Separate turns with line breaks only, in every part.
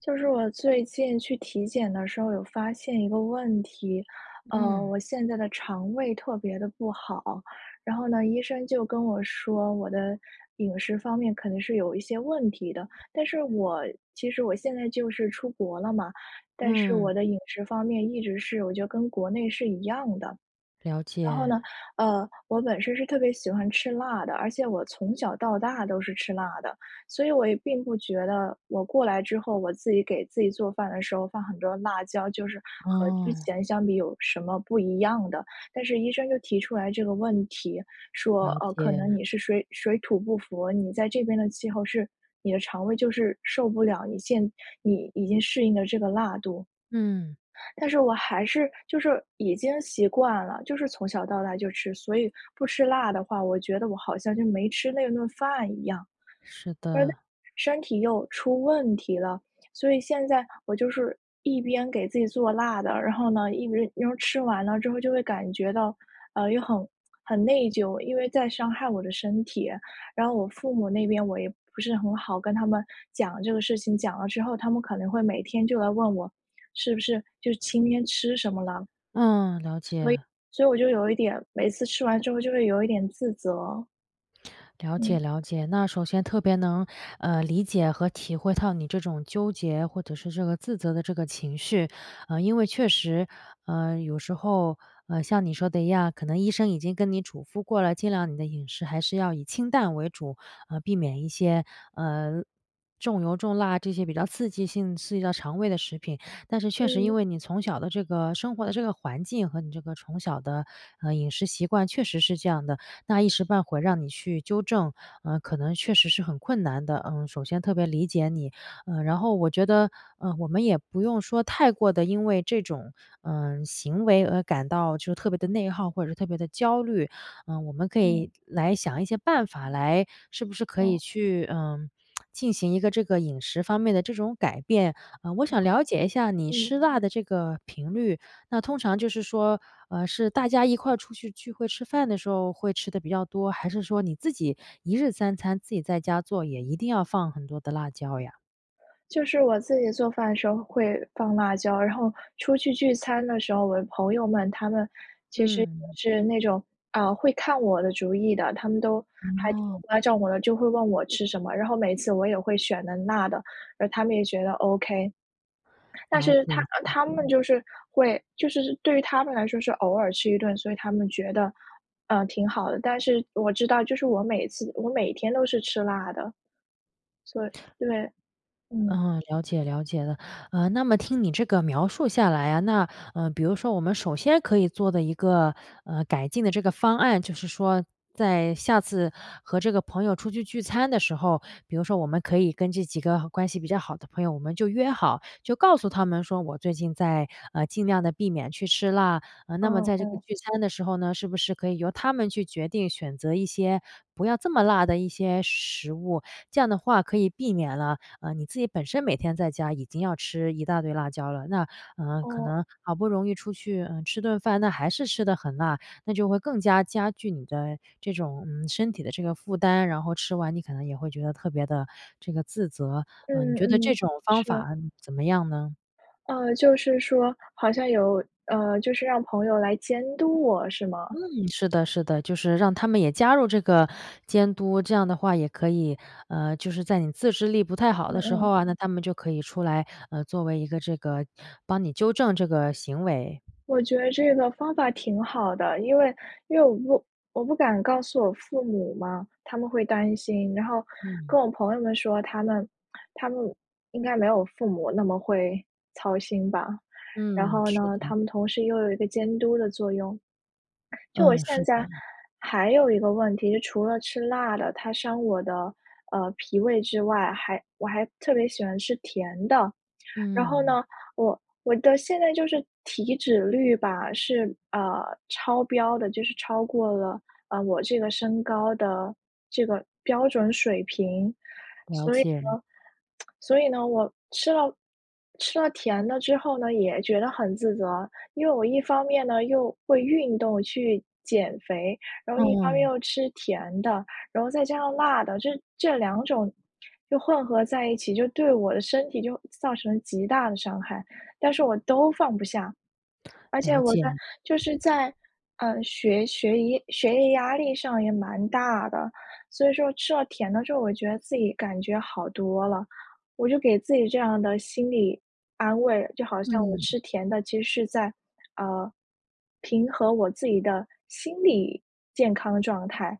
就是我最近去体检的时候有发现一个问题。呃，
嗯。
我现在的肠胃特别得不好。然后呢，医生就跟我说，我的饮食方面可能是有一些问题的。但是我其实我现在就是出国了嘛，但是
嗯。
我的饮食方面一直是我觉得跟国内是一样的。
了
然后
解。
呢，呃，我本身是特别喜欢吃辣的，而且我从小到大都是吃辣的。所以我也并不觉得我过来之后，我自己给自己做饭的时候放很多辣椒，就是和之
哦。
前相比有什么不一样的。但是医生就提出来这个问题，说：
了
“呃，可能
解。
你是水水土不服，你在这边的气候是你的肠胃就是受不了你现你已经适应的这个辣度。”
嗯。
但是我还是就是已经习惯了，就是从小到大就吃。所以不吃辣的话，我觉得我好像就没吃那顿饭一样。
是
但
的。
身体又出问题了，所以现在我就是一边给自己做辣的，然后呢，一边吃完了之后就会感觉到，呃，又很-很内疚，因为在伤害我的身体。然后我父母那边我也不是很好跟他们讲这个事情，讲了之后，他们可能会每天就来问我，是不是就是今天吃什么了。
嗯，了解。
所以所以我就有一点每次吃完之后就会有一点自责。
了解，
嗯。
了解。那首先特别能，呃，理解和体会到你这种纠结，或者是这个自责的这个情绪。啊，因为确实，呃，有时候，呃，像你说的一样，可能医生已经跟你嘱咐过了，尽量你的饮食还是要以清淡为主，呃，避免一些，呃，重油、重辣这些比较刺激性，刺激到肠胃的食品。但是确实因
嗯。
为你从小的这个生活的这个环境和你这个从小的，呃，饮食习惯确实是这样的，那一时半会让你去纠正，呃，可能确实是很困难的。嗯，首先特别理解你，嗯，然后我觉得，呃，我们也不用说太过得因为这种，嗯，行为而感到就特别地内耗，或者是特别地焦虑。嗯，我们可以
嗯。
来想一些办法来是不是可以
哦。
去，呃，进行一个这个饮食方面的这种改变。呃，我想了解一下
[unintelligible]
你
嗯。
吃辣的这个频率，那通常就是说，呃，是大家一块儿出去聚会吃饭的时候会吃得比较多，还是说你自己一日3餐自己在家做，也一定要放很多的辣椒呀？
就是我自己做饭的时候会放辣椒，然后出去聚餐的时候，我的朋友们他们其实也
嗯。
是那种，啊，会看我的主意的，他们都还挺
哦。
关照我的，就会问我吃什么，然后每次我也会选的辣的，而他们也觉得 OK。但
了
是
解，
他
了
呃，他们
解。
就是会就是对于他们来说是偶尔吃一顿，所以他们觉得，呃，挺好的，但是我知道就是我每次我每天都是吃辣的。所以对，嗯。
嗯，了解，了解了。呃，那么听你这个描述下来啊，那，呃，比如说我们首先可以做的一个，呃，改进的这个方案，就是说在下次和这个朋友出去聚餐的时候，比如说我们可以跟这几个关系比较好的朋友，我们就约好，就告诉他们说我最近在，呃，尽量地避免去吃辣。呃，那么
哦
在这个
哦。
聚餐的时候呢，是不是可以由他们去决定选择一些不要这么辣的一些食物，这样的话可以避免了，呃，你自己本身每天在家已经要吃一大堆辣椒了，那呃，可
哦。
能好不容易出去，嗯，吃顿饭，那还是吃得很辣，那就会更加加剧你的这种，嗯，身体的这个负担，然后吃完你可能也会觉得特别的这个自责。呃，你
嗯
觉得这
嗯，
种方
是。
法，嗯，怎么样呢？
呃，就是说好像有，呃，就是让朋友来监督我是吗？
嗯，是的是的，就是让他们也加入这个监督，这样的话也可以，呃，就是在你自制力不太好
嗯
的时候
嗯。
啊，那他们就可以出来，呃，作为一个这个帮你纠正这个行为。
我觉得这个方法挺好的，因为因为我不我不敢告诉我父母嘛，他们会担心，然后
嗯。
跟我朋友们说，他们他们应该没有父母那么会操心吧，然
嗯，
后
是
呢，
的。
他们同时又有一个监督的作用，就我
嗯，是
现在
的。
还有一个问题，就除了吃辣的，它伤我的，呃，脾胃之外，还我还特别喜欢吃甜的。然后
嗯。
呢，我我的现在就是体脂率吧，是，啊，超标的，就是超过了，啊，我这个身高的这个标准水平，
了
所以呢
解。
所以呢，我吃了吃了甜的之后呢，也觉得很自责，因为我一方面呢，又会运动去减肥，然后一方面
嗯。
又吃甜的，然后再加上辣的，这这2种就混合在一起，就对我的身体就造成了极大的伤害，但是我都放不下。而且
了
我在
解。
就是在，呃，学学业学业压力上也蛮大的，所以说吃了甜的之后，我觉得自己感觉好多了，我就给自己这样的心理安慰，就好像我
嗯。
吃甜的，其实是在，呃，平和我自己的心理健康的状态，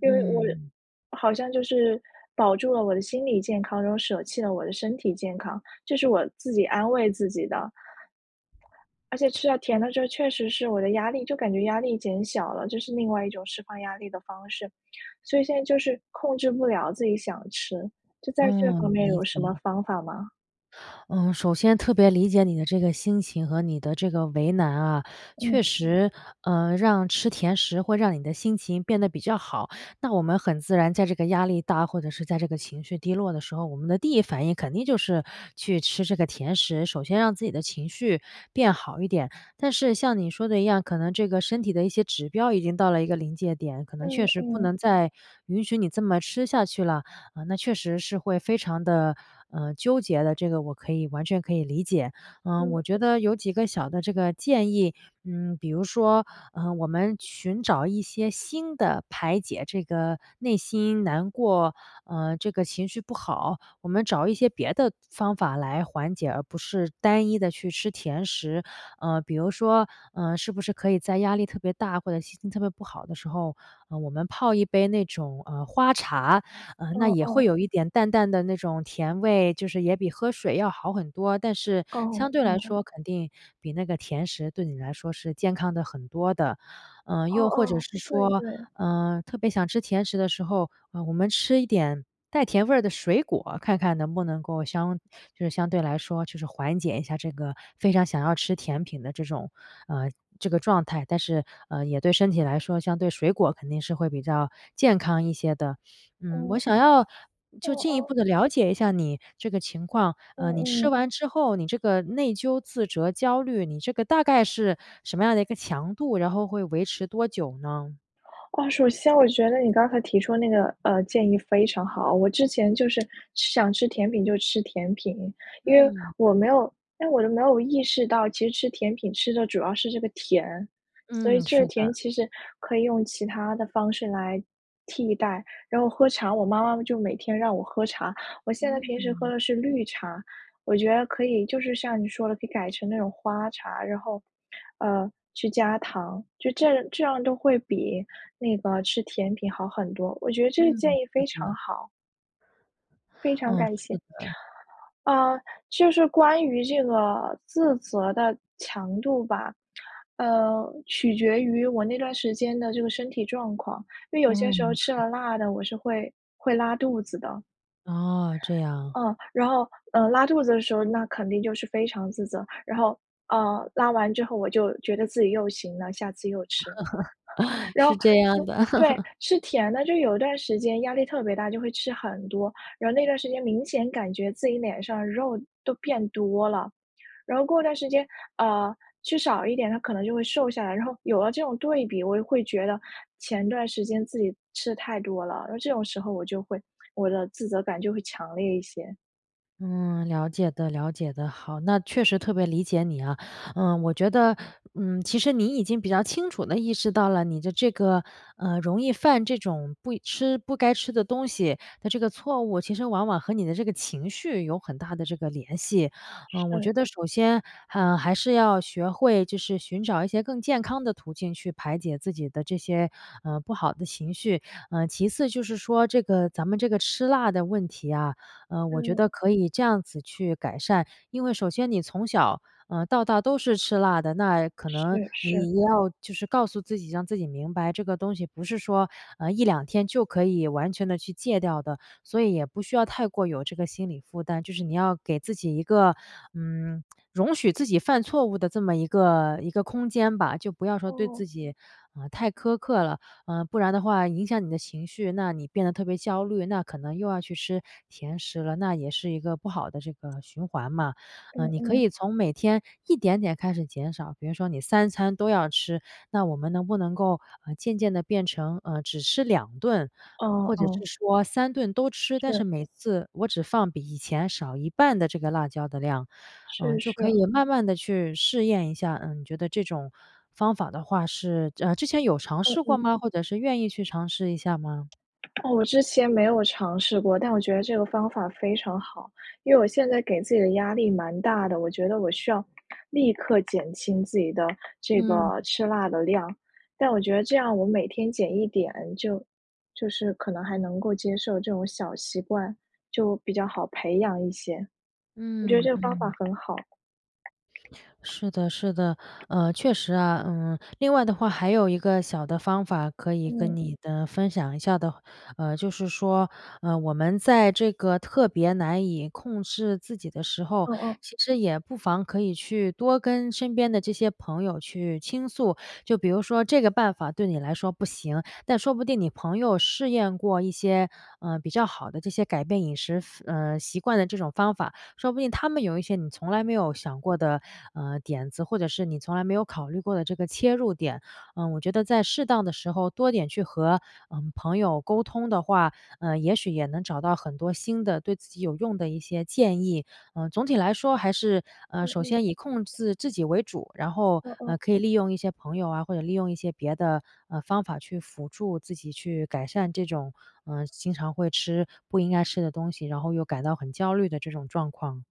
因为我
嗯。
好像就是保住了我的心理健康，然后舍弃了我的身体健康，这是我自己安慰自己的。而且吃到甜的时候确实是我的压力就感觉压力减小了，这是另外一种释放压力的方式，所以现在就是控制不了自己想吃，就在这方
嗯，
面
理
有什么
解。
方法吗？
嗯，首先特别理解你的这个心情和你的这个为难啊。确
嗯。
实，呃，让吃甜食会让你的心情变得比较好。那我们很自然在这个压力大，或者是在这个情绪低落的时候，我们的第1反应肯定就是去吃这个甜食，首先让自己的情绪变好一点。但是像你说的一样，可能这个身体的一些指标已经到了一个临界点，可能
嗯
确实不
嗯。
能再允许你这么吃下去了。呃，那确实是会非常得，呃，纠结的，这个我可以完全可以理解。嗯，我
嗯。
觉得有几个小的这个建议，嗯，比如说，呃，我们寻找一些新的排解这个内心难过，嗯，这个情绪不好，我们找一些别的方法来缓解，而不是单一地去吃甜食。呃，比如说，呃，是不是可以在压力特别大，或者心情特别不好的时候，呃，我们泡一杯那种，呃，花茶，呃，那
哦
也会
哦。
有一点淡淡的那种甜味，就是也比喝水要好很多，但是相
哦，
对来
哦。
说肯定比那个甜食对你来说是健康得很多的。呃，
哦
又或者
哦，
是
对
说，
对。
呃，特别想吃甜食的时候，呃，我们吃一点带甜味儿的水果，看看能不能够相就是相对来说就是缓解一下这个非常想要吃甜品的这种，呃，这个状态，但是，呃，也对身体来说相对水果肯定是会比较健康一些的。嗯，我
嗯。
想要就
哦
进一
哦。
步地了解一下你这个情况，
嗯
呃，你吃
嗯。
完之后，你这个内疚自责焦虑，你这个大概是什么样的一个强度，然后会维持多久呢？
啊。首先我觉得你刚才提出那个，呃，建议非常好。我之前就是想吃甜品就吃甜品，因为
嗯。
我没有因为我就没有意识到其实吃甜品吃的主要是这个甜。所以
嗯，
这
是
个甜
的。
其实可以用其它的方式来替代，然后喝茶我妈妈就每天让我喝茶，我现在
嗯。
平时喝的是绿茶，我觉得可以就是像你说的可以改成那种花茶。然后，呃，去加糖，就这样这样就会比那个吃甜品好很多。我觉得这
嗯，
个建
是
议非常
的。
好。非常
嗯，
感
是
谢。
的。
呃，就是关于这个自责的强度吧。呃，取决于我那段时间的这个身体状况。因为有些时候
嗯，
吃
是的。
了辣的，我是会会拉肚子的。
哦，这样。
嗯，然后，呃，拉肚子的时候，那肯定就是非常自责。然后，呃，拉完之后我就觉得自己又行了，下次又吃。然后
是这样
就
的。
对，吃甜的，就有一段时间压力特别大，就会吃很多。然后那段时间明显感觉自己脸上肉都变多了。然后过段时间，呃，吃少一点，它可能就会瘦下来。然后有了这种对比，我就会觉得前段时间自己吃的太多了，那这种时候我就会我的自责感就会强烈一些。
嗯，了解的，了解的。好，那确实特别理解你啊，呃，我觉得，嗯，其实你已经比较清楚地意识到了你的这个，呃，容易犯这种不吃不该吃的东西的这个错误其实往往和你的这个情绪有很大的这个联系。呃，我觉
是。
得首先，呃，还是要学会就是寻找一些更健康的途径去排解自己的这些，呃，不好的情绪，呃，其次就是说这个咱们这个吃辣的问题啊，呃，我觉
嗯。
得可以这样子去改善，因为首先你从小，呃，到大都是吃辣的，那可能
是，是。
你要就是告诉自己，让自己明白这个东西不是说，呃，1-2天就可以完全地去戒掉的，所以也不需要太过有这个心理负担，就是你要给自己一个，嗯，容许自己犯错误的这么一个一个空间吧，就不要说对
哦。
自己，呃，太苛刻了，呃，不然的话影响你的情绪，那你变得特别焦虑，那可能又要去吃甜食了，那也是一个不好的这个循环嘛。
嗯
嗯，你可
嗯。
以从每天一点点开始减少，比如说你3餐都要吃，那我们能不能够，呃，渐渐地变成，呃，只吃2顿，
哦，
或者是
哦。
说3顿都吃，但是
是。
每次我只放比以前少一半的这个辣椒的量，嗯，
是
就可
是。
以慢慢地去试验一下，嗯，你觉得这种方法的话是呃，之前有尝
嗯
试过
嗯。
吗？或者是愿意去尝试一下吗？
哦，我之前没有尝试过，但我觉得这个方法非常好。因为我现在给自己的压力蛮大的，我觉得我需要，立刻减轻自己的这
嗯。
个吃辣的量，但我觉得这样我每天减一点儿，就就是可能还能够接受这种小习惯，就比较好培养一些，我觉得
嗯，
这个方法
嗯。
很好。
是的，是的，呃，确实啊。嗯，另外的话还有一个小的方法可以跟
嗯。
你的分享一下的呃，就是说，呃，我们在这个特别难以控制自己的时候，
嗯嗯。
其实也不妨可以去多跟身边的这些朋友去倾诉。就比如说这个办法对你来说不行，但说不定你朋友试验过一些，呃，比较好的这些改变饮食，呃，习惯的这种方法，说不定他们有一些你从来没有想过的，呃，点子，或者是你从来没有考虑过的这个切入点。呃，我觉得在适当的时候多点去和，呃，朋友沟通的话，呃，也许也能找到很多新的对自己有用的一些建议。呃，总体来说还是，呃，
嗯
首
嗯。
先以控制自己为主，然后，
嗯
呃，
嗯。
可以利用一些朋友啊，或者利用一些别的，呃，方法去辅助自己去改善这种，呃，经常会吃不应该吃的东西，然后又感到很焦虑的这种状况。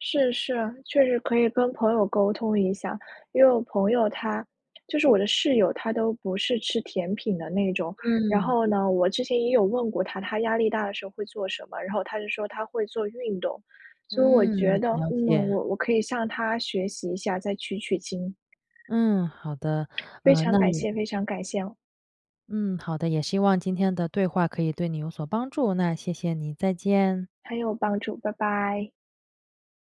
是，是，确实可以跟朋友沟通一下。因为我朋友她就是我的室友，她都不是吃甜品的那种，然
嗯。
后呢，我之前也有问过她，她压力大的时候会做什么？然后她就说她会做运动，所以我
嗯，
觉得，
了
嗯，
解。
我我可以向她学习一下，再取取经。
嗯，好的，
非
呃，
常
那
感
也
谢，非常感谢。
嗯，好的也希望今天的对话可以对你有所帮助，那谢谢你，再见。
很有帮助，拜拜。